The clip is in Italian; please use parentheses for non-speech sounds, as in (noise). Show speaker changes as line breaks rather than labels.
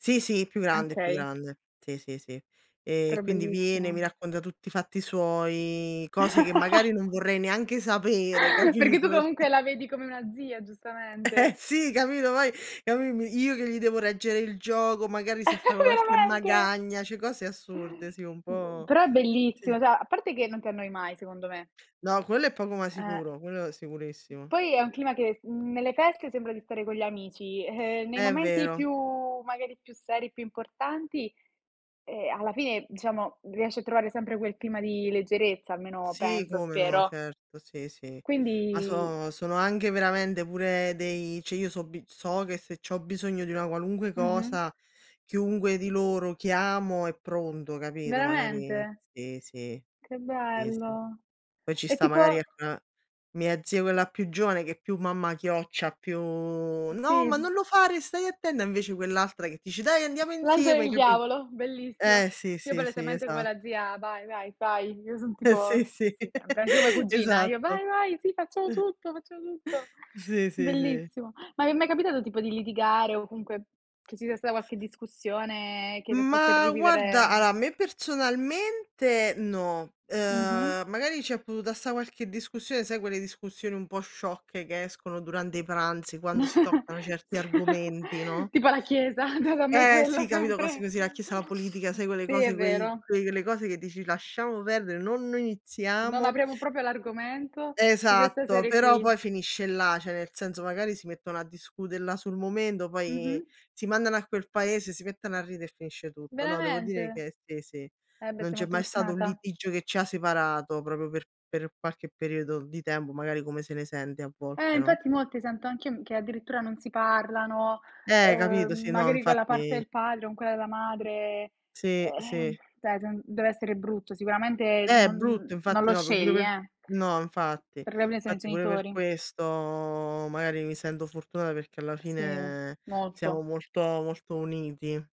Sì, sì, più grande, più
Okay.
grande. Sì, sì, sì. Ehm, e
Però
quindi viene, mi
bellissimo.
racconta tutti i fatti suoi, cose che magari non
(laughs)
vorrei neanche sapere,
Perché
capito,
tu
perché
comunque la vedi come una zia,
(chuckles) Eh
giustamente.
sì, capito, poi a me mi io che gli devo reggere il gioco, magari se fa
(chuckles)
qualche
Veramente?
magagna, cioè cose assurde, sì un
B
po'
però è
sì.
bellissimo, cioè a parte che non ti annoi mai, secondo me.
No, quello è poco ma
Eh.
sicuro, quello sicurissimo.
Poi è un clima che, mhmm, nelle feste sembra di stare con gli amici, ehm, nei
É
momenti
vero.
più magari più seri, più importanti, ehm, alla fine, diciamo, riesci a trovare sempre quel clima di leggerezza, almeno
Sì,
penso,
come no,
spero.
certo, sì, sì. Ma
Quindi
so sono anche veramente pure dei cioè io so b so che se c'ho bisogno di una qualunque
Mh-mh.
cosa chiunque di loro chiamo è pronto, capito, magari
Veramente?
sì, sì.
Che
Sì, sì.
bello!
Poi ci
E
sta magari
tipo
ecco una mia zia quella più giovane che è più mamma chioccia, più: "No, ma
Sì.
non lo fare, stai attenta!" Invece quell'altra che dice: "Dai, andiamo
L'angelo e
insieme!"
il
Capì
diavolo,
eh,
bellissimo.
sì,
Io
sì, sì,
palesemente come
esat
la zia "vai, vai, fai", io son
Eh sì,
tipo
sì,
sì, sempre, anche come
(laughs)
cugina, io:
esatto.
"Vai,
(chuckles)
vai, sì, facciamo tutto, facciamo tutto!"
Sì, sì, sì.
Bellissimo. Ma vi è mai capitato tipo di litigare o comunque che ci sia stata qualche discussione che vi ha fatto
Ma guarda,
rivivere, mh
allora a me personalmente no,
Mh-mh.
ehm, magari c'è potuta sta qualche discussione, sai quelle discussioni un po' sciocche che escono durante i pranzi quando si toccano
(chuckles)
certi
Sì,
argomenti, no?
tipo la Chiesa, già da me
Eh
quella
sì, capito, cose
sempre
così, la Chiesa, la politica, sai quelle
Sì, è
cose, quei
vero.
quelle cose che dici: "Lasciamo perdere, no non
"Non
iniziamo"
apriamo proprio l'argomento" di questa
Esatto,
serie
però poi
qui.
finisce là, cioè nel senso magari si mettono a discute là sul momento, poi
Mh-mh.
si mandano a quel paese, si mettono a ridere e finisce tutto. No, devo dire
Veramente?
che sì, sì,
Eh, beh,
non
sei
c'è
molto
mai stato un
fortunata.
litigio che ci ha separato proprio per per qualche periodo di tempo, magari come se ne sente a
Eh,
volte, no?
infatti, molti sento anch'io m che addirittura non si parlano,
Eh, capito, sì,
ehm,
no,
magari con la parte
infatti
del padre con quella della madre,
Sì,
ehm,
sì.
cioè gen dev'essere brutto, sicuramente
Eh, è
non
brutto,
non non
infatti
lo
no pure
scegli,
per
eh.
no, infatti,
Per (unintelligible) sono i
infatti pure per
genitori.
questo magari mi sento fortunata perché alla
Sì,
fine siamo
molto.
molto molto uniti.